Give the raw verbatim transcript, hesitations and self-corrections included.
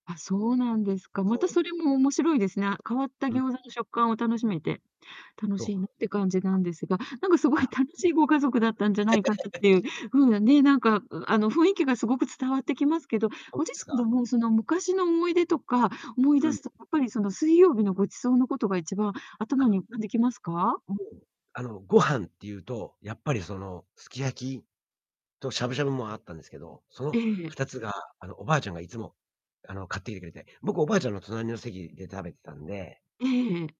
あ、そうなんですか。またそそう。れも面白いですな。変わったうん。餃子の食感を楽しめて、楽と。しいなって感じなんですが、なんかすごあ。あいあ。楽しいご家族だったんじゃないかったっ ていう風なね、なんか、うあの、雰囲気がすごく伝わってきますけど、そごう自です身でか、うん。もその昔の思い出とか思いうんう出ん。すと、やっぱり、その水曜日のご馳走のことが一番頭あ。に浮かんできますか？もう、あの、ご飯っていうとやっぱり、その、すき焼きとしゃぶしゃぶもあったんですけど、そのええ。ふたつが、あの、おばあちゃんがいつも、あの、買ってゆでて。僕はおばあちゃんの隣の席で食べてたんでええええ。